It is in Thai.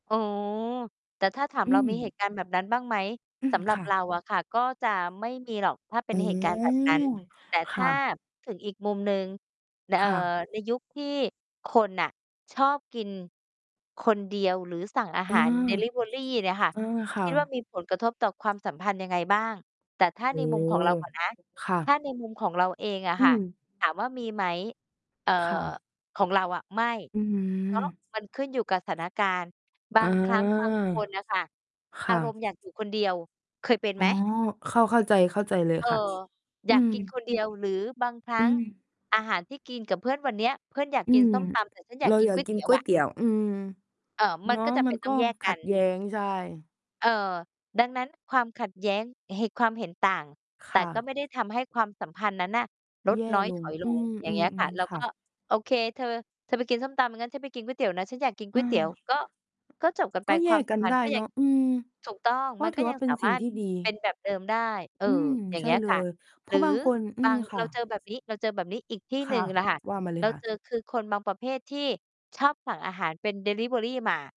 อ๋อ แต่ถ้าถาม อืเรามีเหม ตุการณ์แบบนั้นบ้างไหม? อืสม ำหรัคบ่ะ เราอะค่ะ ก็จะไม่มีหรอก ถ้าเป็อน๋อ เหตุการณ์ แบบนั้น แต่คถ่้า ะ ถึงอีกมุมหนึ่ง น คเอ่อ ่ะ ในยุคที่คนน่ะชอบกินคนเดียว หรือสั่งอาอา หาร ดิลิเวอรี เนี่ยค่ะ อา คค่ิดว่าะ มี ผลกระทบต่อความสัมพันธ์ยังไงบ้าง? แต่ถ้าโอใ้นมุโฮ ม ของเราก่อนนะ ค่ถ้ะ าในมุมของเราเองอะอืค่ะ ม ถามว่ามีไหม? เอ่อ ค่ะ ของเราอะ ไม่ อื้อฮืเพราะ อ มันขึ้นอยู่กับสถานการณ์ บอ๋าอ งครั้ง บางคนน่ะค่ะ คอ่ารมะ ณ์อยากอยู่คนเดียว เคยเป็นอไ๋หม? อ เข้า เข้าใจ เข้าใจเลยเออ ค่ะ ออืยากกินม คนเดียว หรือบางครัอื้งม อาหารที่กินกับเพื่อนวันเนี้ย เพื่อนอยากอืกิน ม ส้มตำ แต่ฉันอยาเรกากินอยาก๊กวยกเิตนี๋ยกว๊วอยะ เตี๋ยว อืม เอ่อ มัเนนาะ ก็ จำเมปั็นน ตก้็องแยกขกััดน แย้ง ใช่ เอ่อ ดังนั้นความขัดแย้ง ห ความเห็นต่าง คแต่่ก็ะ ไม่ได้ทำให้ความสัมพันธ์นั้นน่ะลแดย่น้อย ลถง อยลอืง อย่างเงี้ม ยค่ะ ๆ เราๆ คก่็ ะ "โอเค เธอ เธอไปกินส้มตำ งั้น ฉันไปกินก๊วยเตี๋ยวนะ ฉันอยากกินก๊อวยเตี๋ยว" า ก็ ก็จบกันไป ก็แคยวามกสักัมนพันธได์้ก็ยเันง าะ อืม ถูกต้อง กม็ันถก็ือวยั่างเป็สานสมิา่งรถ ที่ดี เป็น แบบ เดิมได้ เออ อืม อย่าใงชเ่งี้ยเลค่ะ ย เพหรราือะบางคน อืบาม ง คเร่าเจอะ แบบนี้ เราเจอแบบนี้อีกที่คหน่ึ่ะ งล่ะค่ะ ว่ามาเลเรยาค่เะ จอ คือคนบางประเภทที่ชอบสั่งอาหารเป็นดิลิเวอรีมา